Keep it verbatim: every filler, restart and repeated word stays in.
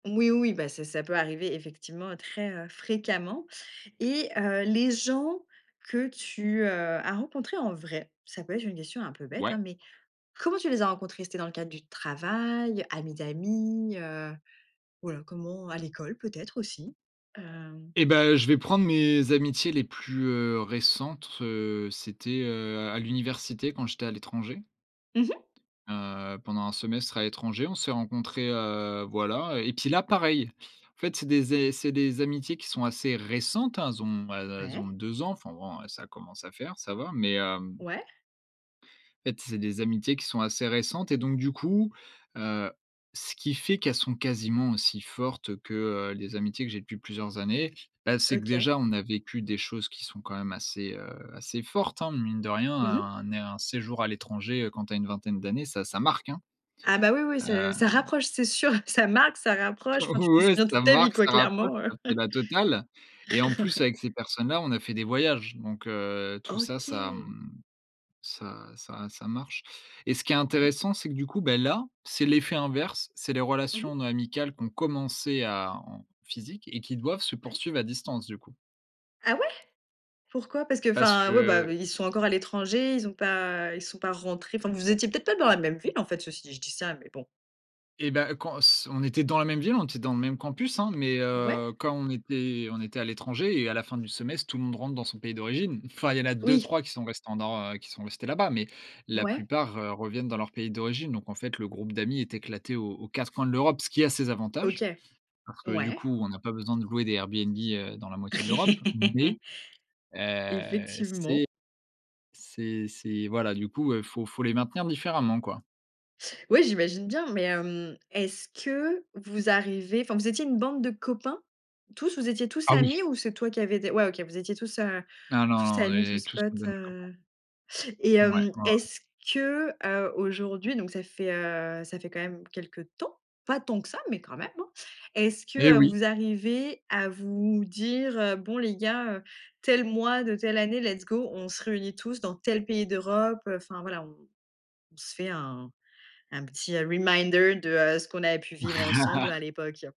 Oui, oui, bah, c'est ça peut arriver effectivement très, heu, fréquemment et heu, les gens que tu, heu, as rencontré en vrai, ça peut être une question un peu bête, hein, Ouais. mais comment tu les as rencontrés? C'était dans le cadre du travail, amis d'amis, heu? Voilà comment, à l'école peut-être aussi? Hem Et ben, je vais prendre mes amitiés les plus, heu, récentes, heu. C'était, heu, à l'université quand j'étais à l'étranger. Mmh mh. Heu, pendant un semestre à l'étranger, on s'est rencontrés, heu, voilà et puis là, pareil, en fait, c'est des ai c'est des amitiés qui sont assez récentes, elles ont elles elles ont Ouais. deux ans, enfin bon, ça commence à faire, ça va, mais, hem Ouais. En fait, c'est des amitiés qui sont assez récentes et donc du coup, heu, ce qui fait qu'elles sont quasiment aussi fortes, que, heu, les amitiés que j'ai depuis plusieurs années, bah, c'est que, OK. déjà, on a vécu des choses qui sont quand même assez, heu, assez fortes, hein, mine de rien, Mmh mh. un né un séjour à l'étranger, heu, quand tu as une vingtaine d'années, ça ça marque, hein, Ah, bah, oui, oui, heu ça ça rapproche, c'est sûr, ça marque, ça rapproche. Enfin tu O t'en ouais, souviens ça toute ta vie marque, quoi, ça rapproche, clairement, heu c'est la totale et en plus, avec ces personnes-là, on a fait des voyages donc, heu, tout ça ça, OK. mmh, ça ça ça marche et ce qui est Ouais. intéressant, c'est que du coup, bah là, c'est l'effet inverse. C'est les Mmh mh. relations amicales qui ont commencé à en physique et qui doivent se Ouais. poursuivre à distance du coup. Ah ouais, pourquoi? Parce Parce qu'enfin, ouais, bah, que ils sont encore à l'étranger? Ils ont pas ils sont pas rentrés? Enfin, vous étiez peut-être pas dans la même ville, en fait? Ceci dit, je dis ça mais bon. Et bah quand s on était dans la même ville, on était dans le même campus, hein, mais, Ouais. heu, quand on était on était à l'étranger et à la fin du semestre, tout le monde rentre dans son pays d'origine. Enfin il y en a Oui. deux-trois qui sont resté en nor heu, qui sont restés là-bas mais la Ouais. plupart, heu, reviennent dans leur pays d'origine donc en fait, le groupe d'amis est éclaté aux aux quatre coins de l'Europe, ce qui a ses OK. avantages parce que du Ouais. coup, on a pas besoin de louer des Airbnb, heu, dans la moitié de l'Europe, mais, heu, Effectivement. c'est c'est c'est voilà du coup, heu, faut faut les maintenir différemment quoi. Oui, j'imagine bien, mais, hem, est-ce que vous arrivez enfin, vous étiez une bande de copains? Tous, vous étiez tous Ah oui! amis? Ou c'est toi qui avais des ouais, OK, vous étiez tous a Ah non, tous non, on amis, est tous tous potes, une bande de copains. heu et Ouais, ouais, hem, ouais. est-ce que, heu, aujourd'hui donc ça fait, heu, ça fait quand même quelque temps pas tant que ça mais quand même, hein. Est-ce Et que oui! vous arrivez à vous m dire: «Bon les gars, heu, tel mois de telle année, let's go on se réunit tous dans tel pays d'Europe, heu»? Enfin voilà. On on se fait un un petit reminder de, heu, ce qu'on avait pu vivre ensemble à l'époque.